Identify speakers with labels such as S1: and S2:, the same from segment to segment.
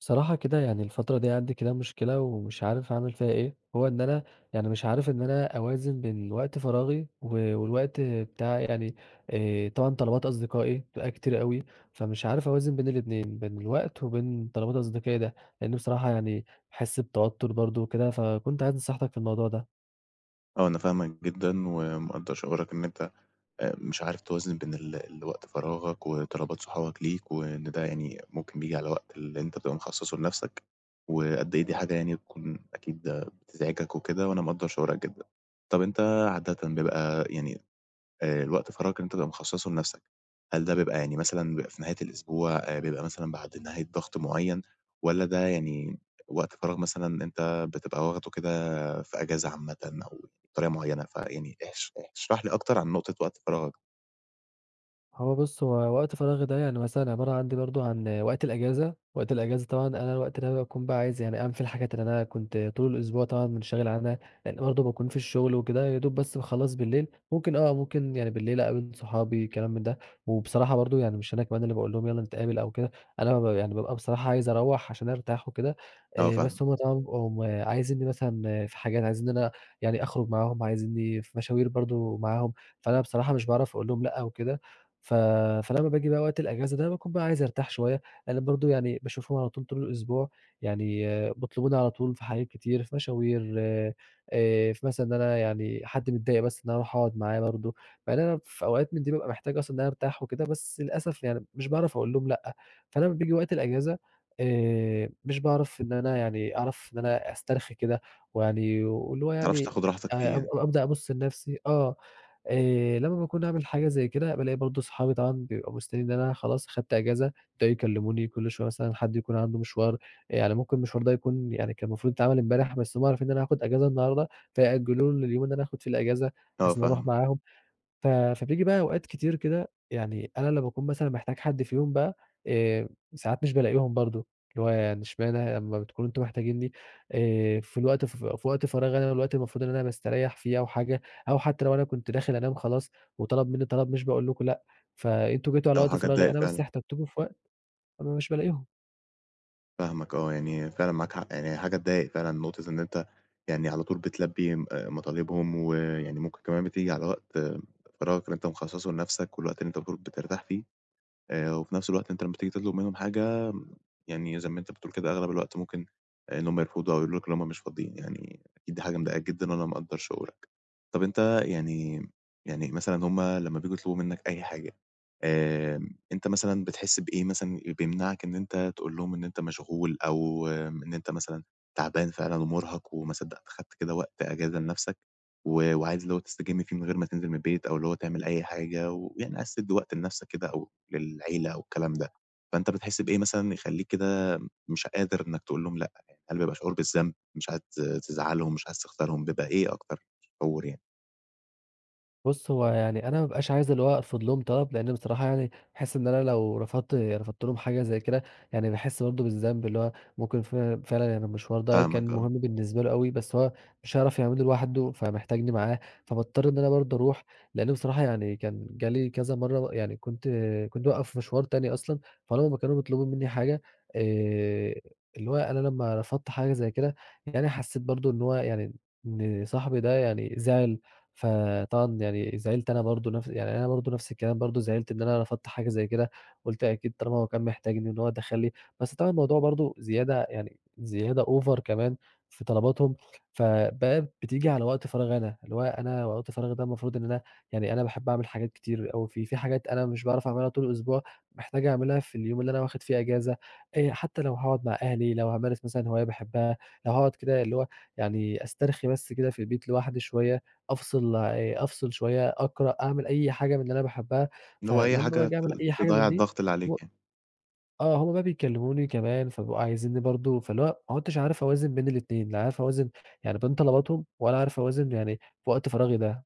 S1: بصراحة كده يعني الفترة دي عندي كده مشكلة ومش عارف اعمل فيها إيه، هو إن أنا يعني مش عارف إن أنا أوازن بين وقت فراغي و والوقت بتاعي يعني، آآ طبعًا طلبات أصدقائي بتبقى كتير أوي فمش عارف أوازن بين الإتنين، بين الوقت، وبين طلبات أصدقائي ده، لإنه بصراحة يعني باحس بتوتر برضه وكده، فكنت عايز نصحيتك في الموضوع ده؟
S2: آه أنا فاهمك جدًا ومقدّر شعورك إن أنت أ مش عارف توازن بين ال الوقت فراغك وطلبات صحابك ليك وإن ده يعني ممكن بييجي على وقت اللي أنت تبقى مخصّصه لنفسك، وقد إيه دي حاجة يعني تكون أكيد بتزعِجك وكده وأنا مقدّر شعورك جدًا. طب أنت عادةً بيبقى يعني، آآ، الوقت فراغك اللي أنت تبقى مخصّصه لنفسك هل ده بيبقى يعني مثلًا بيبقى في نهاية الأسبوع، آآ بيبقى مثلًا بعد نهاية ضغط معيّن، والّا ده يعني وقت فراغ مثلًا أنت بتبقى واخده كده في أجازة عامةً أو بطريقة معيّنة، فيعني احش احش اشرح لي أكتر عن نقطة وقت فراغك؟
S1: هو بص، هو وقت فراغي ده يعني مثلًا عبارة عندي برضه عن وقت الأجازة، وقت الأجازة طبعًا أنا الوقت ده باكون بقى عايز يعني أعمل فيه الحاجات اللي أنا كنت طول الأسبوع طبعًا مُنشغِل عنها، لإن برضه باكون في الشغل وكده ويا دوب بس باخلّص بالليل، ممكن آه، ممكن يعني بالليل اقابل صحابي كلام ده وبصراحة برضه يعني مش أنا كمان اللي باقول لهم يالّا نتقابل أو كده، أنا مب يعني بابقى بصراحة عايز اروّح عشان ارتاح وكده،
S2: آه،
S1: آآ بس
S2: فاهم
S1: هُم طبعًا بيبقم عايزنّي مثلًا في حاجات، عايزين إن أنا يعني أخرج معاهم، عايزنّي في مشاوير برضه معاهم، فأنا بصراحة مش باعرف اقول لهم لأ أو كده، ف فلما باجي بقى وقت الأجازة ده باكون بقى عايز ارتاح شويّة، لإن برضه يعني باشوفهم على طول طول الأسبوع، يعني بيطلبوني على طول في حاجات كتير، في مشاوير، آآ في مثلًا إن أنا يعني حد متضايق بس إن أنا اروح اقعُد معاه برضه، مع إن أنا في أوقات من دي بابقى محتاج أصلًا إن أنا ارتاح وكده بس للأسف يعني مش باعرف اقول لهم لأ، فأنا أما بييجي وقت الأجازة، آآ مش باعرف إن أنا يعني أعرف إن أنا أسترخي كده ويعني واللي هو
S2: ما تعرفش
S1: يعني
S2: تاخُد راحتك فيه
S1: أ أب
S2: يعني؟
S1: أبدأ أبُص لنفسي آه، آآ لما باكون عامل حاجة زي كده بالاقي برضه صحابي طبعًا بيبقوا مستنيين إن أنا خلاص، خدت أجازة، يبدأوا يكلّموني كل شويّة مثلًا حد يكون عنده مشوار، يعني ممكن المشوار ده يكون يعني كان المفروض يتعمل امبارح بس هُم عارفين إن أنا هاخُد أجازة النهارده فيأجّلوه لليوم اللي أنا هاخُد في الأجازة
S2: آه،
S1: بحيث إني اروح
S2: فاهم
S1: معاهم. ف فبييجي بقى أوقات كتير كده يعني أنا لما اكون مثلًا محتاج حد فيهم بقى، آآ، ساعات مش بالاقيهم برضه، اللي هو يعني إشمعنى ه أما بتكونوا أنتم محتاجينني، آآ في الوقت فف في وقت فراغي أنا والوقت اللي مفروض إن أنا باستريّح فيه أو حاجة أو حتى لو أنا كنت داخل انام خلاص وطلب منّي طلب مش باقول لكم لأ، فأنتم جيتوا على
S2: آه،
S1: وقت
S2: حاجة
S1: فراغي
S2: تضايق
S1: أنا، بس
S2: فعلًا.
S1: احتجتكوا في وقت أنا مش بالاقيهم.
S2: فاهمك، آه، يعني فعلًا معاك، يعني هي حاجة تضايق فعلًا، نقطة إن أنت يعني على طول بتلبي م آآ، مطالبهم، و يعني ممكن كمان بتيجي على وقت فراغك اللي أنت مخصصه لنفسك، والوقت اللي أنت بتقول بترتاح فيه، آآ، و في نفس الوقت أنت لما تيجي تطلب منهم حاجة، يعني زي ما أنت بتقول كده، أغلب الوقت ممكن آآ، إن هم يرفضوا أو يقولوا لك إن هم مش فاضيين، يعني أكيد دي حاجة مضايقاك جدًا، وأنا مقدر شعورك. طب أنت يعني يعني مثلًا هُم لما بييجوا يطلبوا منك أي حاجة، آآ، أنت مثلًا بتحس بإيه مثلًا ال بيمنعك إن أنت تقول لهم إن أنت مشغول أو إن أنت مثلًا تعبان فعلًا ومرهق وما صدقت خدت كده وقت أجازة لنفسك و وعايز اللي هو تستجم فيه من غير ما تنزل من البيت، أو اللي هو تعمل أي حاجة، ويعني عايز تدي وقت لنفسك كده أو للعيلة أو الكلام ده، فأنت بتحس بإيه مثلًا يخليك كده مش قادر إنك تقول لهم لأ؟ يعني هل بيبقى شعور بالذنب، مش عايز تز تزعلهم، مش عايز تخسرهم، بيبقى إيه أكتر شعور يعني؟
S1: بُص، هو يعني أنا ما بابقاش عايز اللي هو أرفض لهم طلب، لأن بصراحة يعني أحس إن أنا لو رفضت رفضت لهم حاجة زي كده، يعني باحس برضه بالذنب، اللي هو ممكن ف فعلًا يعني المشوار ده
S2: فاهمك،
S1: كان
S2: آه.
S1: مهم بالنسبة له أوي، بس هو مش هيعرف يعمله لوحده، فمحتاجني معاه، فباضطر إن أنا برضه أروح، لأنه بصراحة يعني كان جالي كذا مرة ب يعني، كنت كنت بابقي في مشوار تاني أصلًا، فلما ما كانوا بيطلبون مني حاجة، آآ، اللي هو أنا لما رفضت حاجة زي كده يعني، حسيت برضه إن هو يعني إن صاحبي ده يعني زعل، فطبعًا يعني زعلت أنا برضه نفس يعني أنا برضه نفس الكلام برضه، زعلت إن أنا رفضت حاجة زي كده، قُلت أكيد طالما هو كان محتاجني إن هو دخل لي، بس طبعًا الموضوع برضه زيادة يعني، زيادة OVER كمان في طلباتهم، فبقى بتيجي على وقت فراغي أنا، اللي هو أنا وقت فراغي ده المفروض إن أنا يعني أنا باحب أعمل حاجات كتير أوي فيه، في حاجات أنا مش باعرف أعملها طول الأسبوع، محتاج أعملها في اليوم اللي أنا واخد فيه إجازة، آآ، حتى لو هاقعد مع أهلي، لو هامارس مثلًا هواية باحبها، لو هاقعد كده اللي هو يعني أسترخي بس كده في البيت لوحدي شوية، أفصل يع أفصل شوية، أقرأ، أعمل أي حاجة من اللي أنا باحبها،
S2: اللي هو أي
S1: فلما
S2: حاجة
S1: باجي
S2: ت
S1: أعمل أي حاجة
S2: تضّيع
S1: من دي،
S2: الضغط اللي
S1: و
S2: عليك يعني.
S1: آه هم بقى بيكلموني كمان، فبيبقوا عايزيني برضه، فاللي هو ما عدتش عارف أوازن بين الإتنين، لا عارف أوازن يعني بين طلباتهم، ولا عارف أوازن يعني في وقت فراغي ده.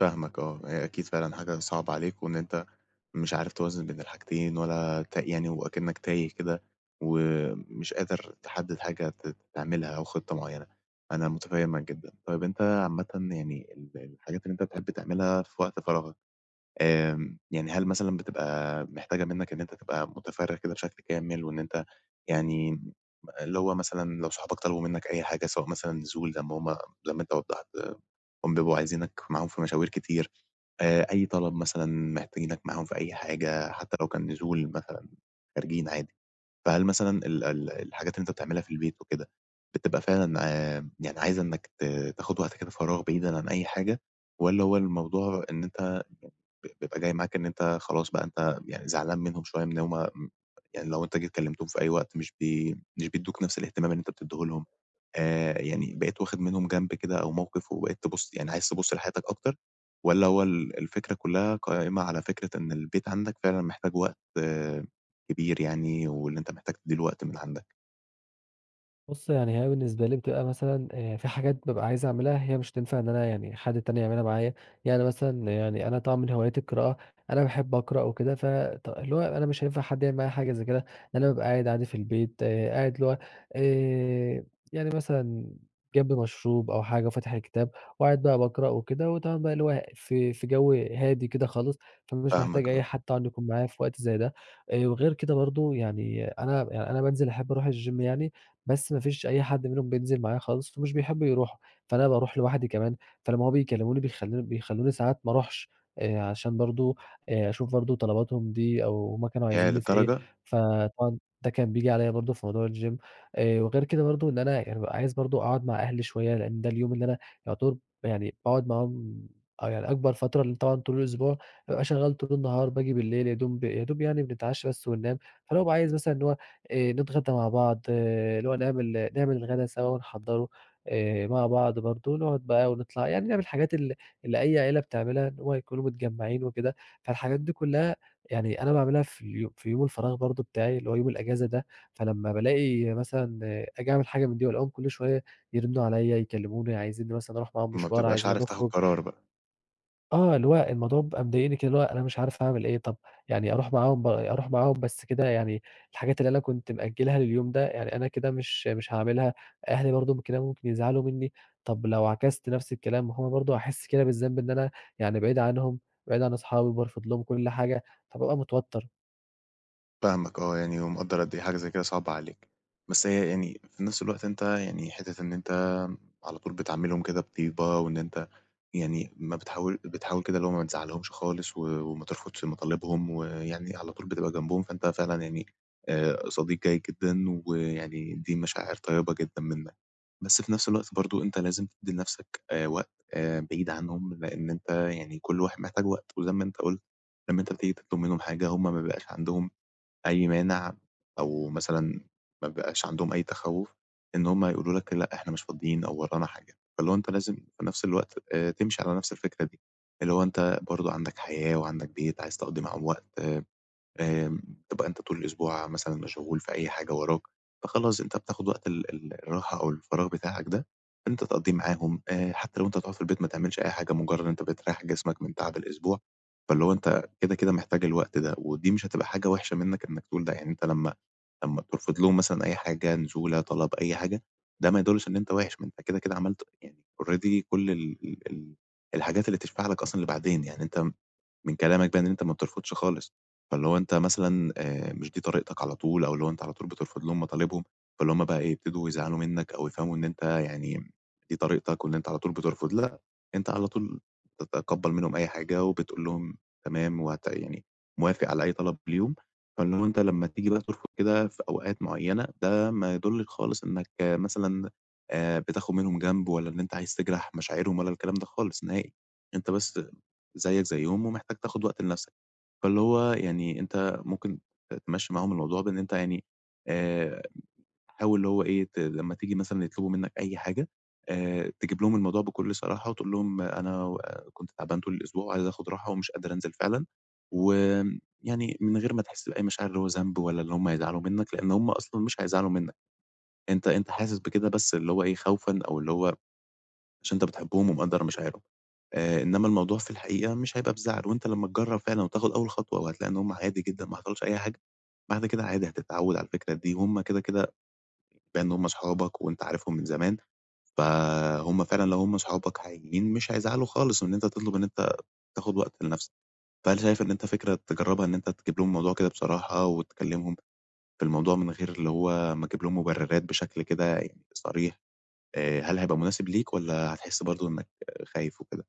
S2: فاهمك آه، هي أكيد فعلًا حاجة صعبة عليك، وإن أنت مش عارف توازن بين الحاجتين، ولا ت يعني وأكِنّك تايه كده، ومش قادر تحدد حاجة ت تعملها أو خطة معينة، أنا متفهمك جدًا. طيب أنت عامةً يعني، ال الحاجات اللي أنت بتحب تعملها في وقت فراغك، آمم، يعني هل مثلًا بتبقى محتاجة منك إن أنت تبقى متفرغ كده بشكل كامل، وإن أنت يعني م اللي هو مثلًا لو صحابك طلبوا منك أي حاجة، سواء مثلًا نزول، زي ما هُم زي ما أنت وضّحت، إنهم بيبقوا عايزينك معاهم في مشاوير كتير، آآ أي طلب مثلًا محتاجينك معاهم في أي حاجة، حتى لو كان نزول مثلًا خارجين عادي، فهل مثلًا ال ال الحاجات اللي أنت بتعملها في البيت وكده، بتبقى فعلًا ع يعني عايزة إنّك ت تاخد وقت كده فراغ بعيدًا عن أي حاجة، والّا هو الموضوع إن أنت ب بيبقى جاي معاك إن أنت خلاص بقى، أنت يعني زعلان منهم شوية، من إن هُم امم يعني لو أنت جيت كلمتهم في أي وقت، مش بي مش بيدّوك نفس الاهتمام اللي أنت بتديه لهم؟ آآ، يعني بقيت واخد منهم جنب كده أو موقف، وبقيت تبص يعني عايز تبص لحياتك أكتر، والّا هو ال الفكرة كلها قائمة على فكرة إن البيت عندك فعلًا محتاج وقت كبير يعني، وإن أنت محتاج تدِّي له وقت من عندك؟
S1: بُص يعني هي بالنسبة لي بتبقى مثلًا آآ، في حاجات بابقى عايز أعملها هي مش هتنفع إن أنا يعني حد تاني يعملها معايا. يعني مثلًا يعني أنا طبعًا من هواياتي القراءة، أنا باحب أقرأ وكده ف ط اللي هو أنا مش هينفع حد يعمل معايا حاجة زي كده، أنا بابقى قاعد عادي في البيت، قاعد اللي هو آآ، يعني مثلًا جنبي مشروب أو حاجة وفاتح الكتاب، وقاعد بقى باقرأ وكده وتمام بقى اللي هو في في جوّ هادي كده خالص، فمش محتاج
S2: فاهمك
S1: أي
S2: آه.
S1: حد طبعًا يكون معايا في وقت زي ده، آآ، وغير كده برضه يعني أنا يعني أنا بانزل أحب أروح الgym يعني، بس مافيش أي حد منهم بينزل معايا خالص فمش بيحبّوا يروحوا، فأنا باروح لوحدي كمان، فلما هُم بيكلّموني بيخلّو بيخلّوني ساعات ما أروحش آآ، عشان برضه آآ، أشوف برضه طلباتهُم دي، أو هُم كانوا
S2: ياه
S1: عايزينّي في إيه،
S2: للدرجة!
S1: فطبعًا ده كان بييجي عليّ برضه في موضوع الgym، آآ وغير كده برضه إن أنا يعني بابقى عايز برضه أقعد مع أهلي شوية، لأن ده اليوم اللي أنا يُعتبر ب يعني باقعد معاهم آه يعني أكبر فترة، لأن طبعًا طول الأسبوع بابقى شغّال طول النهار باجي بالليل يادوب يادوب يعني بنتعشّى بس وننام، فأنا بابقى عايز مثلًا اللي هو آآ نتغّدى مع بعض اللي هو نعمل نعمل الغدا سوا ونحضّره آآ، مع بعض برضه نقعد بقى ونطلع، يعني نعمل الحاجات ال اللي أي عيلة بتعملها اللي هو يكونوا متجمّعين وكده، فالحاجات دي كُلها يعني أنا باعملها في ال في يوم الفراغ برضه بتاعي اللي هو يوم الأجازة ده، فلما بالاقي مثلًا آجي أعمل حاجة من دي وألاقيهُم كل شوية يرنّوا عليّ يكلّموني، عايزينّي مثلًا أروح معاهم
S2: ما
S1: مشوار،
S2: بتبقاش
S1: عايزينّا
S2: عارف تاخد
S1: نخرج
S2: قرار بقى.
S1: آه، اللي هو الموضوع بيبقى مضايقني كده، اللي هو أنا مش عارف أعمل إيه، طب يعني أروح معاهم ب أروح معاهم بس كده يعني الحاجات اللي أنا كنت مأجلها لليوم ده يعني أنا كده مش مش هاعملها، أهلي برضه كده ممكن يزعلوا مني، طب لو عكست نفس الكلام ما هو برضه هاحس كده بالذنب إن أنا يعني بعيد عنهم، بعيد عن أصحابي وبارفض لهم كل حاجة فبابقى متوتر.
S2: فاهمك آه يعني، ومقدّر قد إيه حاجة زي كده صعبة عليك، بس هي يعني في نفس الوقت أنت يعني حتة إن أنت على طول بتعاملهم كده بطيبة، وإن أنت يعني ما بتحاول بتحاول كده اللي هو ما تزعلهمش خالص، و وما ترفضش مطالبهم ويعني على طول بتبقى جنبهم فأنت فعلًا يعني آآ، صديق جيد جدًا ويعني دي مشاعر طيبة جدًا منّك، بس في نفس الوقت برضه أنت لازم تدّي لنفسك آآ، وقت آآ بعيد عنهم لإن أنت يعني كل واحد محتاج وقت و زي ما أنت قلت، لما أنت بتيجي تطلب منهم حاجة هُم ما بيبقاش عندهم أي مانع، أو مثلًا ما بيبقاش عندهم أي تخوُّف إن هُم يقولوا لك لأ إحنا مش فاضيين أو ورانا حاجة، فاللي هو أنت لازم في نفس الوقت آآ، تمشي على نفس الفكرة دي اللي هو أنت برضه عندك حياة وعندك بيت عايز تقضّي معاهم وقت آآ آآ، تبقى أنت طول الأسبوع مثلًا مشغول في أي حاجة وراك فخلاص أنت بتاخد وقت ال ال الراحة أو الفراغ بتاعك ده أنت تقَضيه معاهم آآ، حتى لو أنت هتُقعد في البيت ما تعملش أي حاجة مجرد إن أنت بترَيّح جسمك من تعب الأسبوع، فاللي هو أنت كده كده محتاج الوقت ده، ودي مش هتبقى حاجة وحشة منّك إنّك تقول ده، يعني أنت لمّا لمّا ترفض لهم مثلًا أي حاجة نزولة طلب أي حاجة ده ما يدُلِّش إن أنت وِحِش، ما أنت كده كده عملت يعني already كل ال ال الحاجات اللي تشفع لك أصلًا لبعدين، يعني أنت من كلامك ده إن أنت ما بترفضش خالص، فاللي هو أنت مثلًا آآ، مش دي طريقتك على طول أو اللي هو أنت على طول بترفض لهم مطالبهم، فاللي هُم بقى إيه يبتدوا يزعلوا منّك أو يفهموا إن أنت يعني دي طريقتك وإن أنت على طول بترفض لأ أنت على طول تتقبل منهم أي حاجة وبتقول لهم تمام و هت يعني موافق على أي طلب ليهم، فإنه أنت لمّا تيجي ترفض كده في أوقات معينة، ده ما يدُلِّش خالص إنّك مثلًا آآ، بتاخد منهم جنب ولا إن أنت عايز تجرح مشاعرهم ولا الكلام ده خالص نهائي. أنت بس زيّك زيُّهم ومحتاج تاخد وقت لنفسك، فاللي هو يعني أنت ممكن ت تمشي معاهم الموضوع بإن أنت يعني آآ، حاول اللي هو إيه ت لما تيجي مثلًا يطلبوا منّك أي حاجة آآ، تجيب لهم الموضوع بكل صراحة وتقول لهم أنا و كنت تعبان طول الأسبوع وعايز آخد راحة ومش قادر أنزل فعلًا، وآمم يعني من غير ما تحس بأي مشاعر اللي هو ذنب ولا اللي هُم يزعلوا منّك، لأن هُم أصلًا مش هيزعلوا منّك، أنت أنت حاسس بكده بس اللي هو إيه خوفًا أو اللي هو عشان أنت بتحبهم ومقدر مشاعرهم آآ، إنّما الموضوع في الحقيقة مش هيبقى بزعل، وأنت لما تجرّب فعلًا وتاخد أول خطوة وهتلاقي إن هُم عادي جدًا ما حصلش أي حاجة، بعد كده عادي هتتعَوّد على الفكرة دي وهُم كده كده بما إن هُم أصحابك وأنت عارفهم من زمان، فهُم فعلًا لو هُم صُحابك حقيقيين مش هيزعلوا خالص إن أنت تطلب إن أنت تاخد وقت لنفسك، فهل شايف إن أنت فكرة تجربها إن أنت تجيب لهم الموضوع كده بصراحة، وتكلمهم في الموضوع من غير اللي هو ما أجيب لهم مبررات بشكل كده يعني صريح، آآ، هل هيبقى مناسب ليك؟ والّا هتحس برضه إنّك خايف وكده؟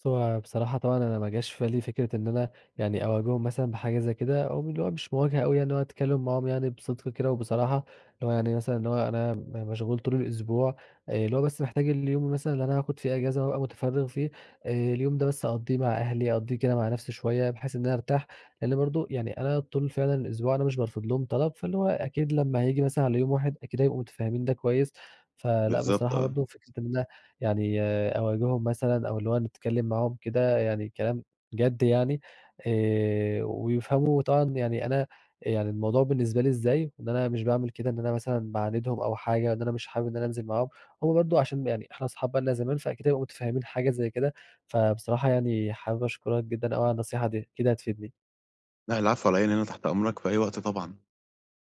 S1: بُص هو بصراحة طبعًا أنا ما جاش في بالي فكرة إن أنا يعني أواجههم مثلًا بحاجة زي كده أو م اللي هو مش مواجهة اوي اللي هو أتكلم معاهم يعني بصدق كده وبصراحة، اللي هو يعني مثلًا اللي هو أنا م مشغول طول الأسبوع اللي هو بس محتاج اليوم مثلًا اللي أنا هاخد فيه أجازة وأبقى متفرغ فيه، اليوم ده بس أقَضيه مع أهلي أقَضيه كده مع نفسي شوية بحيث إن أنا أرتاح، لأن برضه يعني أنا طول فعلًا الأسبوع أنا مش بارفض لهم طلب، فاللي هو أكيد لما هييجي مثلًا على يوم واحد أكيد هيبقوا متفهمين ده كويس، فلأ
S2: بالضبط،
S1: بصراحة
S2: آه.
S1: برضه فكرة إن أنا يعني أواجههم مثلًا أو اللي هو إنّي أتكلم معاهم كده يعني كلام جد يعني آآ، ويفهموا طبعًا يعني أنا يعني الموضوع بالنسبة لي إزاي، إن أنا مش باعمل كده إن أنا مثلًا باعاندهم أو حاجة إن أنا مش حابب إن أنا أنزل معاهم، هو برضه عشان يعني إحنا أصحاب بقالنا زمان فأكيد هيبقوا متفهمين حاجة زي كده، فبصراحة يعني حابب أشكرك جدًا اوي على النصيحة دي، أكيد هتفيدني.
S2: لأ العفو علي إيه، أنا هنا تحت أمرك في أي وقت طبعًا.